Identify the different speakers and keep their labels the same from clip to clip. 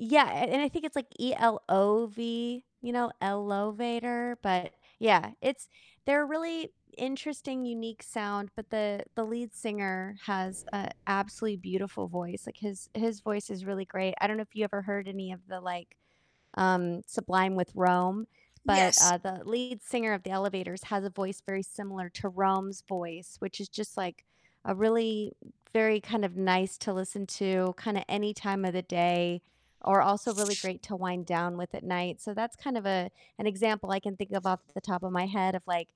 Speaker 1: Yeah, and I think it's, like, E-L-O-V, you know, ELOVATOR, but, yeah, it's they're a really interesting, unique sound, but the the lead singer has a absolutely beautiful voice, like, his his voice is really great, I don't know if you ever heard any of the, like, um, Sublime with Rome, but,
Speaker 2: Yes.
Speaker 1: uh, the lead singer of The Elovators has a voice very similar to Rome's voice, which is just, like, a really very kind of nice to listen to kinda any time of the day, or also really great to wind down with at night, so that's kind of a an example I can think of off the top of my head of, like,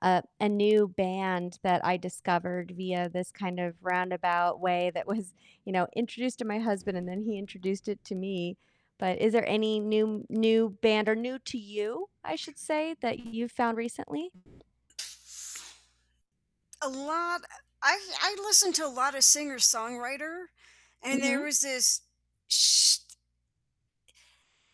Speaker 1: uh, a new band that I discovered via this kind of roundabout way that was, you know, introduced to my husband, and then he introduced it to me, but is there any new new band, or new to you, I should say, that you've found recently?
Speaker 2: A lot I I listen to a lot of singer-songwriter, and there
Speaker 1: Mhm.
Speaker 2: was this she t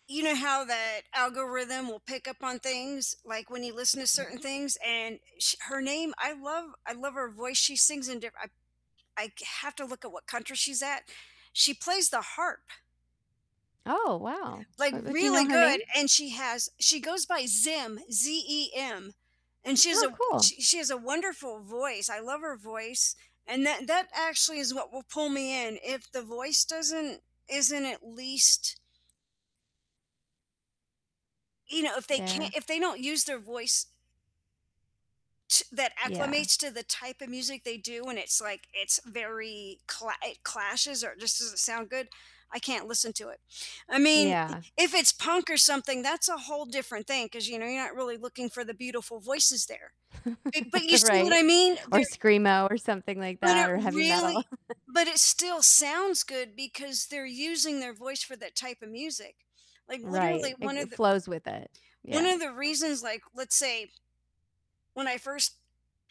Speaker 2: you know, how that algorithm will pick up on things, like, when you listen to
Speaker 1: Mhm.
Speaker 2: certain things, and sh her name I love I love her voice, she sings in diff I I c have to look at what country she's at. She plays the harp
Speaker 1: Oh, wow.
Speaker 2: like,
Speaker 1: Her do you know
Speaker 2: really
Speaker 1: her name?
Speaker 2: good, and she has she goes by Zem, Z-E-M, and she has a
Speaker 1: Oh,
Speaker 2: w
Speaker 1: cool.
Speaker 2: she she has a wonderful voice, I love her voice, and that that actually is what will pull me in. If the voice doesn't isn't at least you know, if they
Speaker 1: There
Speaker 2: can't if they don't use their voice to that
Speaker 1: Yeah.
Speaker 2: acclimates to the type of music they do, and it's, like, it's very cla it clashes or just doesn't sound good, I can't listen to it. I mean,
Speaker 1: Yeah.
Speaker 2: if it's punk or something, that's a whole different thing 'cause, you know, you're not really looking for the beautiful voices there, eh, but you see what I
Speaker 1: Right.
Speaker 2: mean?
Speaker 1: Or
Speaker 2: They're
Speaker 1: screamo, or something like
Speaker 2: but it
Speaker 1: that, or heavy metal.
Speaker 2: really but it still sounds good because they're using their voice for that type of music. Like, literally
Speaker 1: Right.
Speaker 2: one
Speaker 1: Like,
Speaker 2: of the
Speaker 1: flows with it,
Speaker 2: one
Speaker 1: yeah.
Speaker 2: of the reasons, like, let's say when I first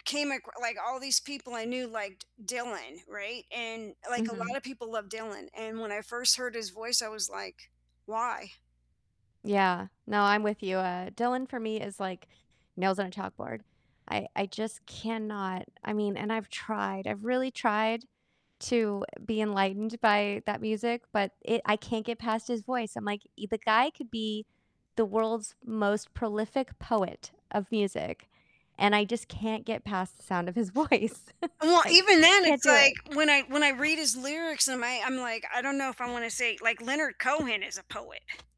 Speaker 2: came ac like, all these people I knew liked Dylan, right? And, like, a
Speaker 1: Mhm.
Speaker 2: lot of people love Dylan, and when I first heard his voice, I was, like, "Why?”
Speaker 1: Yeah. No, I'm with you. Uh, Dylan for me is, like, nails on a chalkboard, I I just cannot I mean, and I've tried I've really tried to be enlightened by that music, but it I can't get past his voice. I'm, like, "The guy could be the world's most prolific poet of music, and I just can't get past the sound of his voice." It's,
Speaker 2: Well,
Speaker 1: like,
Speaker 2: even then
Speaker 1: can't
Speaker 2: it's,
Speaker 1: do
Speaker 2: like,
Speaker 1: it.
Speaker 2: when I when I read his lyrics and I I'm, like, I don't know if I wanna say, like, Leonard Cohen is a poet.